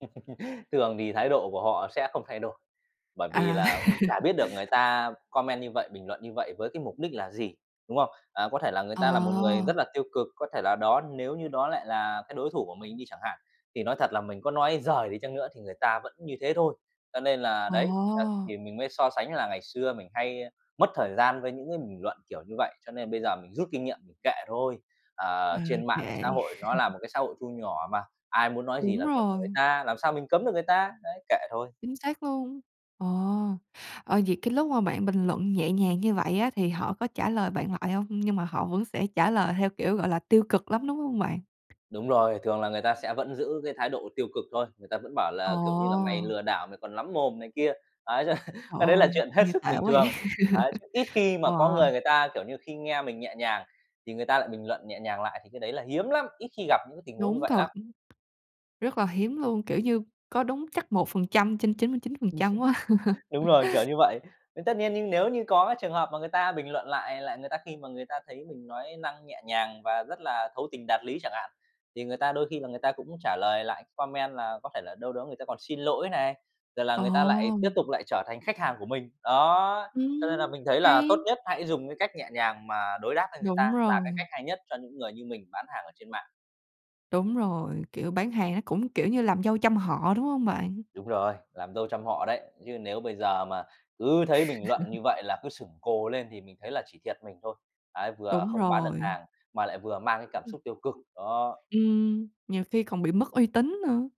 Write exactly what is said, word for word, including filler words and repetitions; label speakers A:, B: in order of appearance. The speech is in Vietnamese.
A: Thường thì thái độ của họ sẽ không thay đổi. Bởi vì
B: À.
A: là cũng chả biết được người ta comment như vậy, bình luận như vậy với cái mục đích là gì, đúng không? À, có thể là người ta là một người rất
B: Ờ.
A: là tiêu cực, có thể là đó nếu như đó lại là cái đối thủ của mình đi chẳng hạn, thì nói thật là mình có nói giời đi chăng nữa thì người ta vẫn như thế thôi. Cho nên là đấy, à,
B: Ồ.
A: thì mình mới so sánh là ngày xưa mình hay mất thời gian với những cái bình luận kiểu như vậy, cho nên bây giờ mình rút kinh nghiệm, mình kệ thôi. Ờ,
B: Ờ,
A: trên Mạng
B: kệ.
A: xã hội nó là một cái xã hội thu nhỏ mà, ai muốn nói gì
B: Đúng
A: là việc người
B: rồi.
A: ta, làm sao mình cấm được người ta. Đấy, kệ thôi.
B: Chính xác luôn, ờ. Ờ, vậy cái lúc mà bạn bình luận nhẹ nhàng như vậy á thì họ có trả lời bạn lại hông? Nhưng mà họ vẫn sẽ trả lời theo, kiểu, gọi là, tiêu cực lắm, đúng hông bạn?
A: Đúng rồi, thường là người ta sẽ vẫn giữ cái thái độ tiêu cực thôi. Người ta vẫn bảo
B: Ờ.
A: là, kiểu như là "Mày lừa đảo, mày còn lắm mồm này kia." Đấy,
B: Trời
A: cái đấy là
B: ơi,
A: chuyện hết
B: nghe
A: sức
B: tệ quá
A: bình
B: vậy.
A: thường. Đấy, chứ ít khi mà có
B: Wow.
A: người người ta, kiểu như, khi nghe mình nhẹ nhàng thì người ta lại bình luận nhẹ nhàng lại thì cái đấy là hiếm lắm, ít khi gặp những cái tình huống như
B: Đúng
A: vậy
B: thật.
A: lắm.
B: Rất là hiếm luôn, kiểu như, có đúng chắc một phần trăm trên chín mươi chín phần trăm quá.
A: Đúng rồi, kiểu như vậy. Thì tất nhiên nếu như có trường hợp mà người ta bình luận lại lại người ta khi mà người ta thấy mình nói năng nhẹ nhàng và rất là thấu tình đạt lý chẳng hạn, thì người ta đôi khi là người ta cũng trả lời lại comment là có thể là đâu đó người ta còn xin lỗi này, rồi là
B: Ờ.
A: người ta lại tiếp tục lại trở thành khách hàng của mình. Đó, cho nên là
B: Ừm,
A: mình thấy là
B: hay
A: tốt nhất hãy dùng cái cách nhẹ nhàng mà đối đáp với người ta,
B: Đúng
A: là cái
B: rồi.
A: cách hay nhất cho những người như mình bán hàng ở trên mạng.
B: Đúng rồi, kiểu, bán hàng nó cũng, kiểu như, làm dâu trăm họ, đúng hông bạn?
A: Đúng rồi, làm dâu trăm họ đấy, chứ nếu bây giờ mà cứ thấy bình luận như vậy là cứ sửng cồ lên thì mình thấy là chỉ thiệt mình thôi. Đấy, vừa
B: Đúng
A: không bán được
B: rồi.
A: hàng, mà lại vừa mang cái cảm
B: Ư.
A: xúc tiêu cực, đó.
B: Ừm, nhiều khi còn bị mất uy tín nữa.